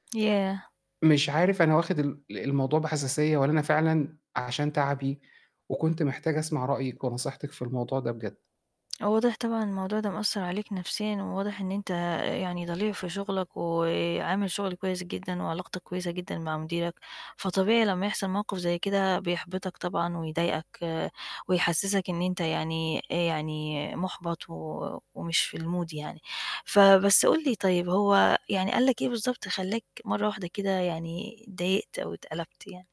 ياه! مش عارف أنا واخد ال ال الموضوع بحساسية والّا أنا فعلًا أ عشان تعبي، وكنت محتاج أسمع رأيِِك ونصيحتِك في الموضوع ده بجد. آه واضح طبعًا إن الموضوع ده مأثّر عليك نفسيًا، وواضح إن أنت أ يعني ضليع في شغلك وعامل شغل كويس جدًا، وعلاقتك كويسة جدًا مع مديرك، فطبيعي لمّا يحصل موقف زي كده بيحبطك طبعًا ويضايقك ويحسسك إن أنت يعني أ يعني مُحبط و ومش في الmood يعني، فبس قُل لي طيب، هو يعني قال لك إيه بالضبط خلّاك مرّة واحدة كده يعني اتضايقت أو اتقَلَبت يعني؟